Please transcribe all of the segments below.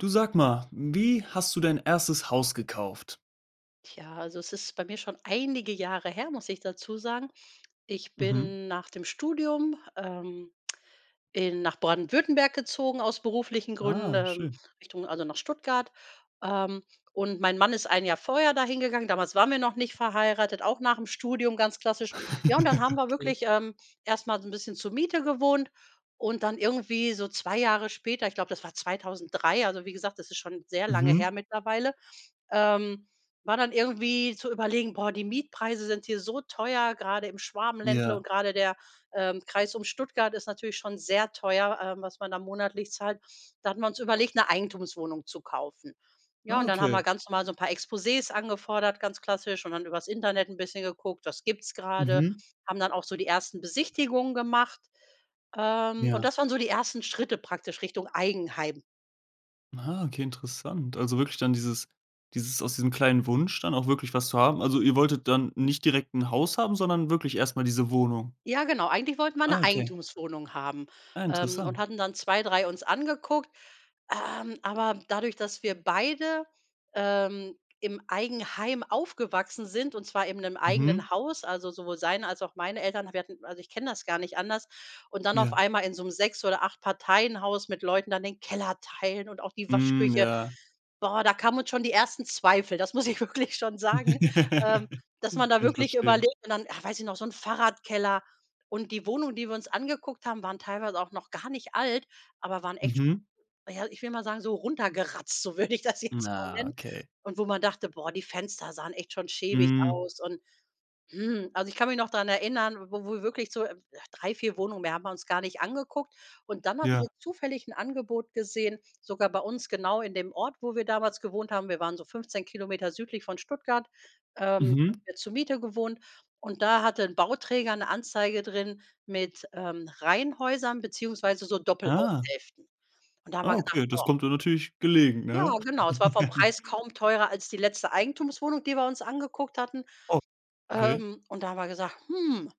Du, sag mal: Wie hast du dein 1. Haus gekauft? Tja, also, es ist bei mir schon einige Jahre her, muss ich dazu sagen. Ich Mhm. bin nach dem Studium, ähm, in nach Baden-Württemberg gezogen aus beruflichen Gründen, Ah, ähm, schön. Richtung also nach Stuttgart. Ähm, und mein Mann ist 1 Jahr vorher dahin gegangen. Damals waren wir noch nicht verheiratet, auch nachm Studium ganz klassisch. Ja, und dann haben wir Okay. wirklich, ähm, erst mal so 'n bisschen zur Miete gewohnt und dann irgendwie so 2 Jahre später, ich glaube, das war 2003- also wie gesagt, das ist schon sehr lange her Mhm. mittlerweile- ähm, war dann irgendwie zu überlegen: „Boah, die Mietpreise sind hier so teuer, grade im Schwabenländle Ja. und grade der, ähm, Kreis um Stuttgart ist natürlich schon sehr teuer, ähm, was man da monatlich zahlt.“ Da hatten wir uns überlegt 'ne Eigentumswohnung zu kaufen. Ja, Ah, und dann haben wir okay. ganz mal so 'n paar Exposés angefordert, ganz klassisch, und dann übers Internet 'n bisschen geguckt: „Was gibt's grade“, Mhm. haben dann auch so die 1. Besichtigungen gemacht, ähm, und Ja. das waren so die 1. Schritte praktisch Richtung Eigenheim. Aha, okay, interessant. Also, wirklich dann dieses dieses aus diesem kleinen Wunsch dann auch wirklich was zu haben. Also ihr wolltet dann nicht direkt 'n Haus haben, sondern wirklich erstmal diese Wohnung. Ja, genau, eigentlich wollten wir Ah, 'ne okay. Eigentumswohnung haben, Ah, ähm, und interessant. hatten dann 2, 3 uns angeguckt. Ähm, aber dadurch, dass wir beide, ähm, im Eigenheim aufgewachsen sind und zwar eben in 'nem Mhm. eigenen Haus, also sowohl seine als auch meine Eltern, wir hatten also ich kenne das gar nicht anders, und dann auf Ja. einmal in so 'nem 6- oder 8- Parteien-Haus mit Leuten dann den Keller teilen und auch die Mhm, Waschküche. ja. Boah, da kamen uns schon die ersten Zweifel, das muss ich wirklich schon sagen, ähm, dass Kann man da ich wirklich verstehen. überlegt und dann ach, weiß ich noch, so 'n Fahrradkeller und die Wohnungen, die wir uns angeguckt haben, waren teilweise auch noch gar nicht alt, aber waren echt Mhm. na ja, ich will mal sagen, so runtergeratzt, so würde ich das jetzt mal Na, nennen. okay. Und wo man dachte: „Boah, die Fenster sahen echt schon schäbig Hm. aus“ und, hm, also ich kann mich noch dran erinnern, wo wir wirklich so, äh 3, 4 Wohnungen, mehr haben wir uns gar nicht angeguckt. Und dann hatten Ja. wir zufällig 'n Angebot gesehen, sogar bei uns genau in dem Ort, wo wir damals gewohnt haben. Wir waren so 15 km südlich von Stuttgart, ähm, haben Mhm. wir zur Miete gewohnt und da hatte 'n Bauträger 'ne Anzeige drin mit, ähm, Reihenhäusern beziehungsweise so Ah. Doppelhaushälften. Und da haben wir Ah, gesagt: okay, das „Boah.“ kommt dir natürlich gelegen, Ja ne? genau, es war vom Preis kaum teurer als die letzte Eigentumswohnung, die wir uns angeguckt hatten. Oh, okay. Ähm, und da haben wir gesagt: „Hm.“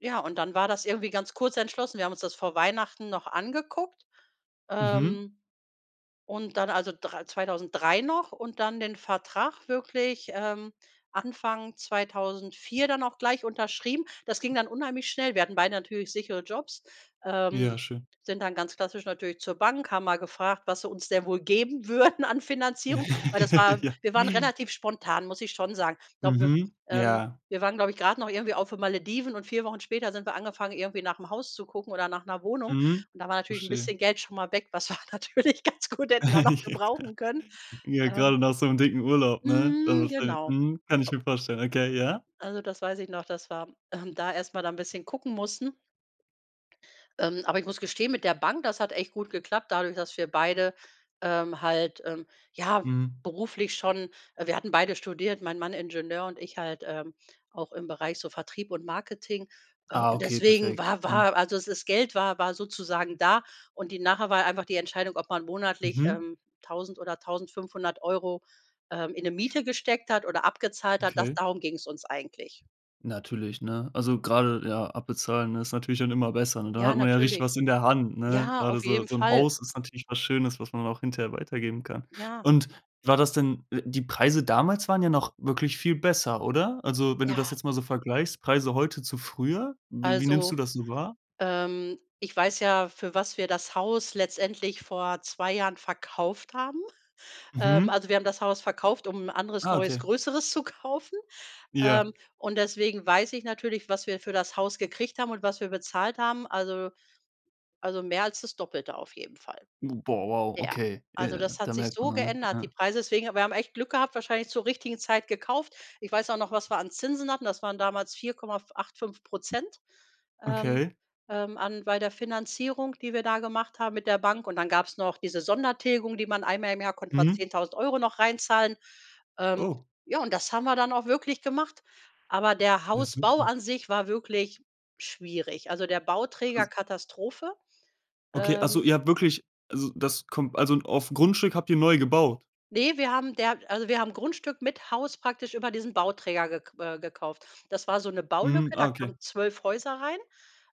Ja, und dann war das irgendwie ganz kurz entschlossen. Wir haben uns das vor Weihnachten noch angeguckt, Mhm. ähm, und dann also dr 2003 noch und dann den Vertrag wirklich, ähm, Anfang 2004 dann auch gleich unterschrieben. Das ging dann unheimlich schnell. Wir hatten beide natürlich sichere Jobs, ähm, Ja, schön. sind dann ganz klassisch natürlich zur Bank, haben mal gefragt: „Was sie uns denn wohl geben würden an Finanzierung“, weil das war Ja. wir waren relativ spontan, muss ich schon sagen. Glaube, wir, Mhm. ähm Ja. wir waren, glaube ich, grade noch irgendwie auf den Malediven und 4 Wochen später sind wir angefangen, irgendwie nach 'nem Haus zu gucken oder nach 'ner Wohnung. Mhm, Und da war natürlich 'n verstehe. bisschen Geld schon mal weg, was wir natürlich ganz gut hätten da noch gebrauchen können. Ja, Ähm grade nach so 'n dicken Urlaub, ne?. Mhm, [unintelligible] genau. Mhm, kann ich mir vorstellen. Okay, ja. Also, das weiß ich noch, dass wir, ähm, da erstmal da 'n bisschen gucken mussten. Ähm, aber ich muss gestehen, mit der Bank, das hat echt gut geklappt, dadurch, dass wir beide, ähm, halt, ähm, ja Mhm. beruflich schon wir hatten beide studiert, mein Mann Ingenieur und ich halt, äh, auch im Bereich so Vertrieb und Marketing. Äh, Ah, und okay, deswegen perfekt, war mhm. war also das das Geld war war sozusagen da und die nachher war einfach die Entscheidung, ob man monatlich, Mhm. ähm, 1.000 oder 1.500 €, äh, in 'ne Miete gesteckt hat oder abgezahlt hat, das Okay. darum ging's uns eigentlich. Natürlich, ne? Also, gerade ja abbezahlen, ne, ist natürlich dann immer besser. Und dann Ja, hat man ja richtig natürlich. was in der Hand, ne? Ja, Gerade auf so jeden so 'n Fall. Haus ist natürlich was Schönes, was man auch hinterher weitergeben kann. Ja. Und war das denn we die Preise damals waren ja noch wirklich viel besser, oder? Also, wenn du das Ja. jetzt mal so vergleichst, Preise heute zu früher, w wie nimmst du Also, das so wahr? ähm, ich weiß ja, für was wir das Haus letztendlich vor 2 Jahren verkauft haben. Ähm, Mhm. also, wir haben das Haus verkauft, um 'n anderes Ah, neues, okay. größeres zu kaufen, ähm, Ja. und deswegen weiß ich natürlich, was wir für das Haus gekriegt haben und was wir bezahlt haben. Also also, mehr als das Doppelte auf jeden Fall. Boah, wow, Ja, okay. also Ja, das da hat sich merkt man so ja, geändert, die ja. Preise deswegen, aber wir haben echt Glück gehabt, wahrscheinlich zur richtigen Zeit gekauft. Ich weiß auch noch, was wir an Zinsen hatten. Das waren damals 4,85 %, ähm, Okay. ähm, an bei der Finanzierung, die wir da gemacht haben mit der Bank, und dann gab's noch diese Sondertilgung, die man einmal im Jahr konnte man Mhm. 10.000 € noch reinzahlen. Ähm, Oh. ja, und das haben wir dann auch wirklich gemacht. Aber der Ja, Hausbau super. an sich war wirklich schwierig. Also der Bauträger, Als Katastrophe. Okay, also Ähm. ihr habt wirklich also das kommt also auf 'n Grundstück habt ihr neu gebaut? Ne, wir haben der also wir haben Grundstück mit Haus praktisch über diesen Bauträger ge äh, gekauft. Das war so' ne Mhm, Baulücke, ah, da okay. kamen 12 Häuser rein.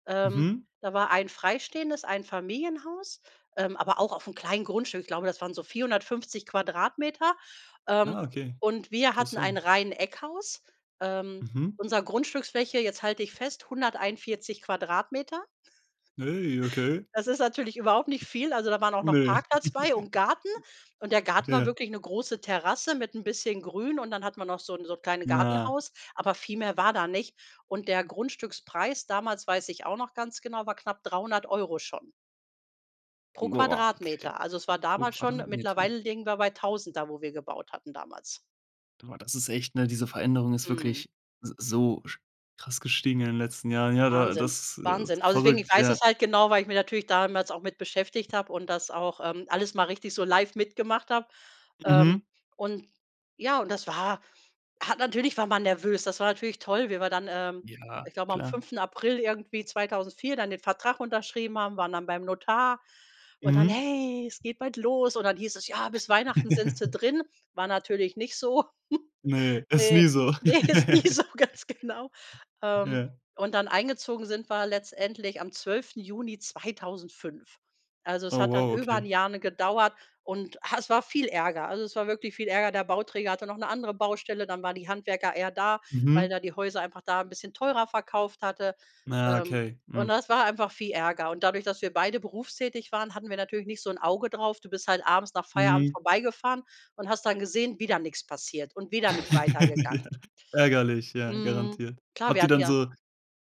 Ähm. Mhm. Da war 1 freistehendes Einfamilienhaus, ähm, aber auch aufm kleinen Grundstück. Ich glaube, das waren so 450 Quadratmeter, ähm, Ah, okay. und wir hatten ein Interessant. Reiheneckhaus. Ähm. Mhm. Unser Grundstücksfläche, jetzt halte dich fest, 141 Quadratmeter. Ey, okay. Das ist natürlich überhaupt nicht viel, also da waren auch noch Ne. Parkplatz bei und Garten und der Garten war Ja. wirklich 'ne große Terrasse mit 'n bisschen Grün und dann hat man noch so 'n so 'n kleine Ja. Gartenhaus, aber viel mehr war da nicht. Und der Grundstückspreis damals, weiß ich auch noch ganz genau, war knapp 300 € schon. Pro Boah, okay, Quadratmeter. Also, es war pro damals schon Quadratmeter. mittlerweile liegen wir bei 1.000 da, wo wir gebaut hatten damals. Boah, das ist echt, ne diese Veränderung ist Mhm. wirklich s so sch krass gestiegen in den letzten Jahren. Ja, da Wahnsinn, das ist Wahnsinn, also deswegen, ich verrückt, weiß ja. es halt genau, weil ich mir natürlich damals auch mit beschäftigt habe und das auch, ähm, alles mal richtig so live mitgemacht habe. Ähm, Mhm. und ja, und das war ha, natürlich war man nervös. Das war natürlich toll, wie wir dann, ähm, Ja, ich glaube am klar. 5.4. irgendwie, 2004 dann den Vertrag unterschrieben haben, waren dann beim Notar und dann: Mhm. „Hey, es geht bald los.“ Und dann hieß es: „Ja, bis Weihnachten sind Sie drin.“ War natürlich nicht so. Ne, ist nie Ne, so. ne, ist nie so, ganz genau. Ähm, Ja. und dann eingezogen sind wir letztendlich am 12.6.2005. Also, es Oh, hat dann wow, über 'n okay. Jahr, ne, gedauert und, ha, es war viel Ärger. Also, es war wirklich viel Ärger. Der Bauträger hatte noch 'ne andere Baustelle, dann waren die Handwerker eher da, weil Mhm. er die Häuser einfach da 'n bisschen teurer verkauft hatte. Ah, Ähm, okay, und hm. das war einfach viel Ärger und dadurch, dass wir beide berufstätig waren, hatten wir natürlich nicht so 'n Auge drauf. Du bist halt abends nach Feierabend Mhm. vorbeigefahren und hast dann gesehen: „Wieder nix passiert und wieder nicht weitergegangen.“ Ärgerlich, ja, Mhm, garantiert. klar, Habt wir ihr hatten dann ja so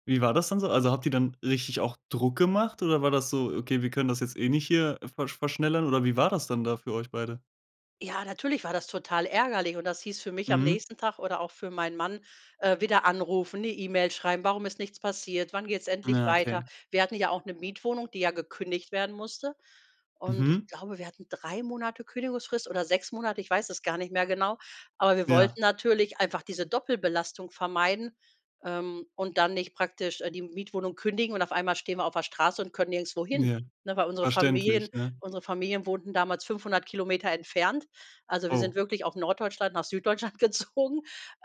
wie war das dann so? Also habt ihr dann richtig auch Druck gemacht oder war das so, okay, wir können das jetzt nicht hier ver verschnellern oder wie war das dann da für euch beide? Ja, natürlich war das total ärgerlich und das hieß für mich am Mhm. nächsten Tag oder auch für meinen Mann, äh, wieder anrufen, 'ne E-Mail schreiben: „Warum ist nichts passiert? Wann geht's endlich Ja, weiter?“ okay. Wir hatten ja auch 'ne Mietwohnung, die ja gekündigt werden musste, und ich Mhm. glaube, wir hatten 3 Monate Kündigungsfrist oder 6 Monate, ich weiß es gar nicht mehr genau, aber wir Ja. wollten natürlich einfach diese Doppelbelastung vermeiden, ähm, und dann nicht praktisch, äh, die Mietwohnung kündigen und auf einmal stehen wir auf der Straße und können nirgendwo hin, Ja, ne, weil unsere verständlich, Familien ne? unsere Familien wohnten damals 500 km entfernt. Also, wir Oh. sind wirklich aus Norddeutschland nach Süddeutschland gezogen.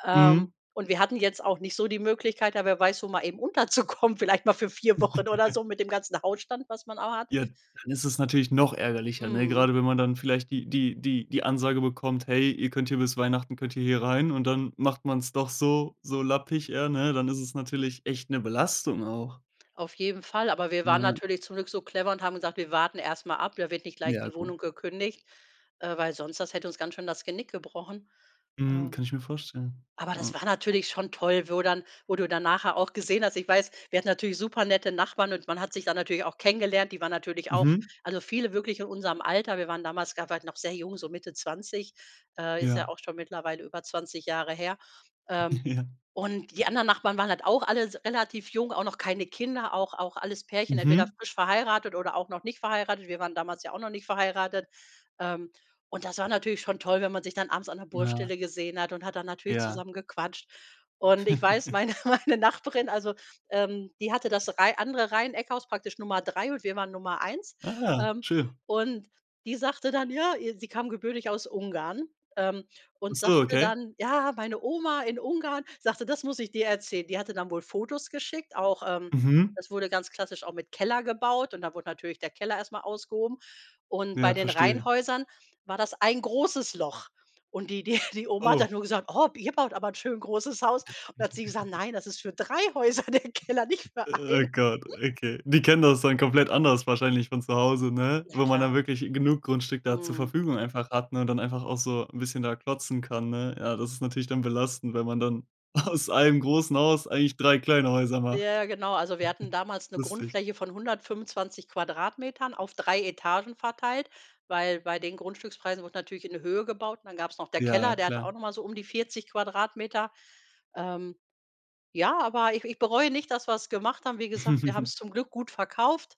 Ähm, Mhm. und wir hatten jetzt auch nicht so die Möglichkeit, da wer weiß wo mal eben unterzukommen, vielleicht mal für 4 Wochen oder so mit dem ganzen Hautstand, was man auch hat. Ja, dann ist es natürlich noch ärgerlicher, ne, Mhm. grade wenn man dann vielleicht die die die die Ansage bekommt „hey, ihr könnt hier bis Weihnachten könnt ihr hier rein,“ und dann macht man's doch so so lappig, eher, ne, dann ist es natürlich echt 'ne Belastung auch. Auf jeden Fall, aber wir waren Ja. natürlich zum Glück so clever und haben gesagt: „Wir warten erst mal ab, da wird nicht gleich Ja, die gut. Wohnung gekündigt,“ äh, weil sonst das hätte uns ganz schön das Genick gebrochen. Mhm, kann Ähm, ich mir vorstellen. aber das Ah. war natürlich schon toll, wo dann wo du dann nachher auch gesehen hast. Ich weiß, wir hatten natürlich supernette Nachbarn und man hat sich da natürlich auch kennengelernt. Die waren natürlich auch Mhm. also viele wirklich in unserem Alter. Wir waren damals grade halt noch sehr jung, so Mitte 20, äh, ist ja Ja. auch schon mittlerweile über 20 Jahre her. Ähm. Ja. Und die anderen Nachbarn waren halt auch alles s relativ jung, auch noch keine Kinder, auch auch alles Pärchen, entweder Mhm. frisch verheiratet oder auch noch nicht verheiratet. Wir waren damals ja auch noch nicht verheiratet. Ähm, und das war natürlich schon toll, wenn man sich dann abends an der Ah. Baustelle gesehen hat und hat dann natürlich Ja. zusammen gequatscht. Und ich weiß meine meine Nachbarin, also, ähm, die hatte das Reih andere Reiheneckhaus, praktisch Nummer 3 und wir waren Nummer 1, Ah, ähm, schön. und die sagte dann: „Ja ihr,“ sie kam gebürtig aus Ungarn, ähm, Ach und so, sagte okay. dann: „Ja, meine Oma in Ungarn sagte, ‚das muss ich dir erzählen’.“ Die hatte dann wohl Fotos geschickt, auch, ähm Mhm. das wurde ganz klassisch auch mit Keller gebaut und da wurde natürlich der Keller erst mal ausgehoben und bei Ja, den verstehe. Rheinhäusern war das ein großes Loch. Und die die die Oma hat Oh. dann nur gesagt: „Oh, ihr baut aber 'n schön großes Haus.“ Und dann hat sie gesagt: „Nein, das ist für 3 Häuser der Keller, nicht für Oh einen.“ Gott, okay. Die kennen das dann komplett anders wahrscheinlich von zu Hause, ne, Ja weil man klar. dann wirklich genug Grundstück da zur Mhm. Verfügung einfach hat, ne, dann einfach auch so 'n bisschen da klotzen kann, ne? Ja, das ist natürlich dann belastend, wenn man dann aus einem großen Haus eigentlich 3 kleine Häuser macht. Ja genau, also wir hatten damals 'ne Lustig. Grundfläche von 125 Quadratmetern auf 3 Etagen verteilt, weil bei den Grundstückspreisen wurde natürlich in die Höhe gebaut und dann gab's noch der Ja, Keller, der hatte auch klar. noch mal so um die 40 Quadratmeter. Ähm, ja, aber ich ich bereue nicht, dass wir's gemacht haben. Wie gesagt, wir haben's zum Glück gut verkauft,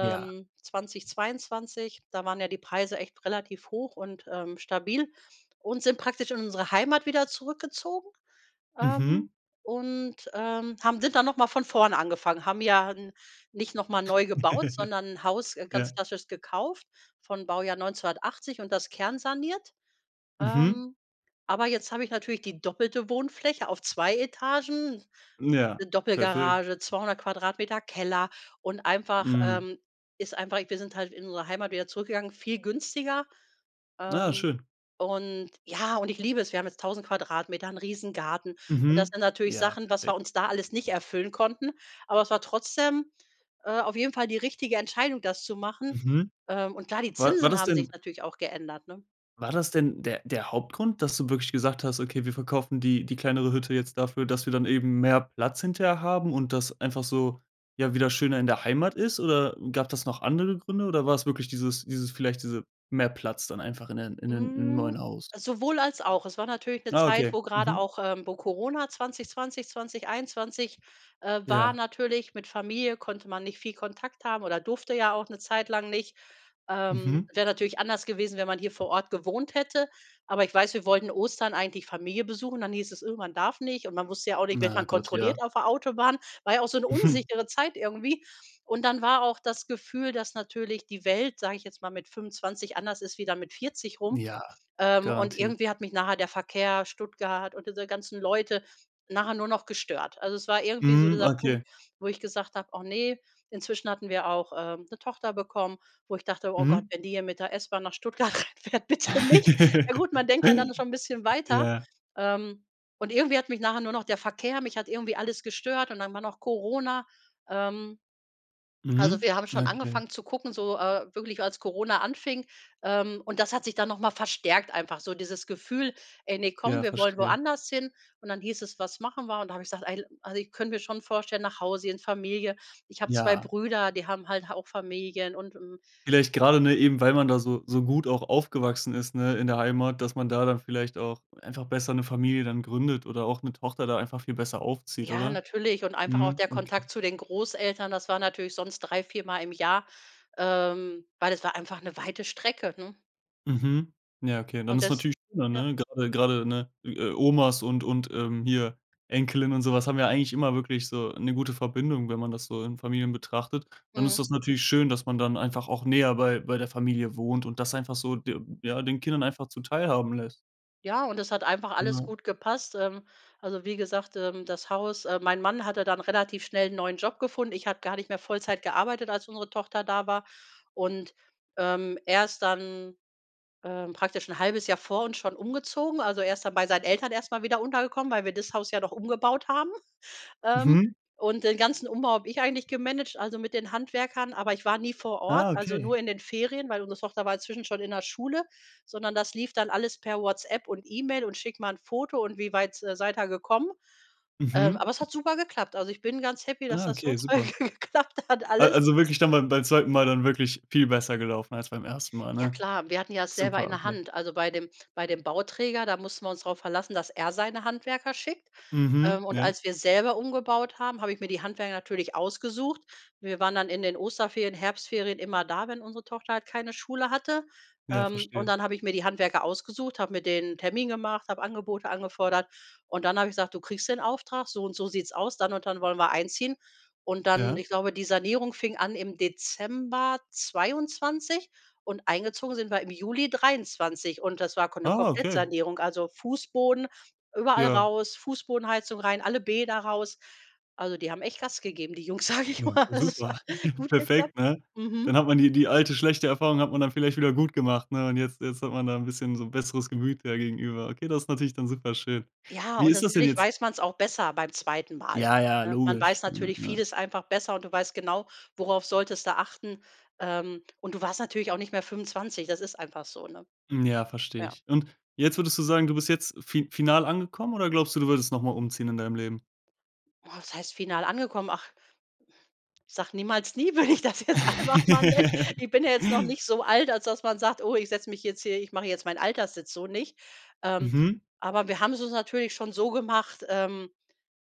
Ja. 2022, da waren ja die Preise echt relativ hoch und, ähm, stabil und sind praktisch in unsere Heimat wieder zurückgezogen, ähm, Mhm. und, ähm, haben sind dann noch mal von vorne angefangen. Haben ja n nicht noch mal neu gebaut, sondern Haus, äh, ganz Ja. klassisch gekauft von Baujahr 1980 und das kernsaniert. Mhm. Ähm, aber jetzt habe ich natürlich die doppelte Wohnfläche auf 2 Etagen, Ja, 'ne perfekt. Doppelgarage, 200 Quadratmeter Keller und einfach, Hm. ähm, ist einfach wir sind halt in unsere Heimat wieder zurückgegangen, viel günstiger. Ah, Ähm, schön. und ja, und ich liebe es, wir haben jetzt 1.000 Quadratmeter, 'n Riesengarten. Und das Mhm. sind natürlich Ja, Sachen, was perfekt. wir uns da alles nicht erfüllen konnten, aber es war trotzdem, äh, auf jeden Fall die richtige Entscheidung, das zu machen. Mhm. Ähm, und klar, die War war Zinsen das haben sich denn natürlich auch geändert, ne? war das denn der der Hauptgrund, dass du wirklich gesagt hast: „Okay, wir verkaufen die die kleinere Hütte jetzt dafür, dass wir dann eben mehr Platz hinterher haben und das einfach so, ja, wieder schöner in der Heimat ist,“ oder gab das noch andere Gründe oder war's wirklich dieses dieses vielleicht diese mehr Platz dann einfach in den in den im Hm, neuen Haus? sowohl als auch. Es war natürlich 'ne Ah, Zeit, okay. wo gerade Mhm. auch, äh, wo Corona 2020, 2021, äh war Ja. natürlich, mit Familie konnte man nicht viel Kontakt haben oder durfte ja auch 'ne Zeit lang nicht. Ähm, Mhm. wäre natürlich anders gewesen, wenn man hier vor Ort gewohnt hätte. Aber ich weiß, wir wollten Ostern eigentlich Familie besuchen. Dann hieß es: „Oh, man darf nicht“, und man wusste ja auch nicht, wird Na, man Gott, ja. kontrolliert auf der Autobahn, war ja auch so 'ne unsichere Zeit irgendwie. Und dann war auch das Gefühl, dass natürlich die Welt, sage ich jetzt mal, mit 25 anders ist, wie dann mit 40 rum. Ja, Ähm, und garantiert. irgendwie hat mich nachher der Verkehr, Stuttgart und diese ganzen Leute nachher nur noch gestört. Also, es war irgendwie so Mhm, dieser okay. Punkt, wo ich gesagt habe: „Och ne“. Inzwischen hatten wir auch, ähm, 'ne Tochter bekommen, wo ich dachte: „Oh Gott, Mhm. wenn die hier mit der S-Bahn nach Stuttgart reinfährt, bitte nicht!“ Ja gut, man denkt ja dann schon 'n bisschen weiter, Ja. ähm, und irgendwie hat mich nachher nur noch der Verkehr mich hat irgendwie alles gestört und dann war noch Corona. Ähm, also Mhm, wir haben ja, schon okay. angefangen zu gucken, so, äh, wirklich als Corona anfing, ähm, und das hat sich dann noch mal verstärkt einfach so dieses Gefühl: „Ey, ne, komm, Ja, wir wollen verstehe. woanders hin.“ Und dann hieß es: „Was machen wir?“ Und da habe ich gesagt: „Al also, also ich könnte mir schon vorstellen, nach Hause in Familie.“ Ich habe 2 Ja. Brüder, die haben halt auch Familien und hm. Vielleicht grade nur eben, weil man da so so gut auch aufgewachsen ist, ne, in der Heimat, dass man da dann vielleicht auch einfach besser 'ne Familie dann gründet oder auch 'ne Tochter da einfach viel besser aufzieht, Ja, oder? natürlich, und einfach auch Mhm. der Okay. Kontakt zu den Großeltern, das war natürlich sonst 3, 4-mal im Jahr, ähm, weil das war einfach 'ne weite Strecke, ne? Mhm. Ja, okay. Dann Und ist das natürlich schöner, ja. ne? Grade grade ne, i äh, Omas und und, ähm, hier, Enkelin und so was haben ja eigentlich immer wirklich so 'ne gute Verbindung, wenn man das so in Familien betrachtet. Dann ist Mhm. das natürlich schön, dass man dann einfach auch näher bei bei der Familie wohnt und das einfach so de ja, den Kindern einfach zuteilhaben lässt. Ja, und es hat einfach alles Genau. gut gepasst. Ähm, also wie gesagt, ähm, das Haus, ähm mein Mann hatte dann relativ schnell 'n neuen Job gefunden. Ich habe gar nicht mehr Vollzeit gearbeitet, als unsere Tochter da war. Und, ähm, er ist dann, ähm, praktisch 'n halbes Jahr vor uns schon umgezogen. Also, erst dann bei seinen Eltern erst mal wieder untergekommen, weil wir das Haus ja noch umgebaut haben. Ähm, Mhm. und den ganzen Umbau habe ich eigentlich gemanagt, also mit den Handwerkern, aber ich war nie vor Ort, Ah also okay. nur in den Ferien, weil unsere Tochter war inzwischen schon in der Schule, sondern das lief dann alles per WhatsApp und E-Mail und: „Schick mal 'n Foto und wie weit s seid ihr gekommen?“ Ähm, Mhm. aber es hat super geklappt. Also ich bin ganz happy, dass Ah, das so okay, toll super. geklappt hat Al alles. also wirklich dann beim beim zweiten Mal dann wirklich viel besser gelaufen als beim ersten Mal, Ja ne? klar, wir hatten ja es selber in Super, der okay. Hand. Also, bei dem bei dem Bauträger, da mussten wir uns drauf verlassen, dass er seine Handwerker schickt. Mhm Ähm, und ja. als wir selber umgebaut haben, habe ich mir die Handwerker natürlich ausgesucht. Wir waren dann in den Osterferien, Herbstferien immer da, wenn unsere Tochter halt keine Schule hatte. Ja, Ähm, und verstehe. dann habe ich mir die Handwerker ausgesucht, habe mit denen n' Termin gemacht, habe Angebote angefordert und dann habe ich gesagt: „Du kriegst den Auftrag, so und so sieht's aus, dann und dann wollen wir einziehen.“ Und dann Ja. ich glaube, die Sanierung fing an im Dezember 2022 und eingezogen sind wir im Juli 2023 und das war Ko 'ne Ah, okay. Komplettsanierung, also Fußboden überall Ja. raus, Fußbodenheizung rein, alle Bäder raus. Also, die haben echt Gas gegeben, die Jungs, sage ich Ja mal. okay, Also es super. hat gut Perfekt, geklappt. ne? Dann Mhm. hat man die die alte, schlechte Erfahrung hat man dann vielleicht wieder gut gemacht, ne? Und jetzt jetzt hat man da 'n bisschen so 'n besseres Gemüt ja gegenüber. Okay, das ist natürlich dann super schön. Ja, Wie und ist das denn natürlich jetzt weiß man es auch besser beim 2. Mal Ja, ja, ne? Man logisch, weiß ne, natürlich ne? vieles einfach besser und du weißt genau, worauf solltest du achten. Ähm, und du warst natürlich auch nicht mehr 25, das ist einfach so, ne? Hm, ja, verstehe Ja. ich. Und jetzt würdest du sagen, du bist jetzt fi final angekommen oder glaubst du, du würdest noch mal umziehen in deinem Leben? Oh was heißt final angekommen? Ach, sage niemals nie würde ich das jetzt einfach mal nennen ich bin ja jetzt noch nicht so alt als das man sagt: „Oh ich setze mich jetzt hier ich mache jetzt mein Alterssitz“, so nicht. Ähm, Mhm. aber wir haben es uns natürlich schon so gemacht, ähm,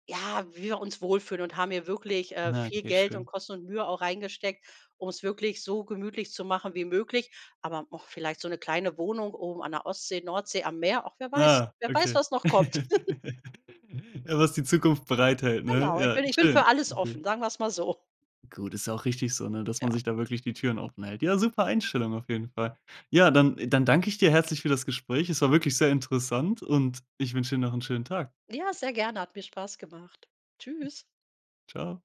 ja, wie wir uns wohlfühlen und haben hier wirklich, äh, Na viel okay Geld und schön. Kosten und Mühe auch reingesteckt, um es wirklich so gemütlich zu machen wie möglich. Aber och vielleicht so 'ne kleine Wohnung oben an der Ostsee, Nordsee am Meer, och wer weiß Ah wer weiß okay. was noch kommt. Ja was die Zukunft bereithält, ne? Genau ich Ja, bin ich bin schön. für alles offen, Okay. sagen wir es mal so. Gut, ist ja auch richtig so, ne? Dass Ja. man sich da wirklich die Türen offenhält. Ja, super Einstellung auf jeden Fall. Ja, dann dann danke ich dir herzlich für das Gespräch. Es war wirklich sehr interessant und ich wünsche dir noch 'n schönen Tag. Ja, sehr gerne, hat mir Spaß gemacht. Tschüss. Tschau.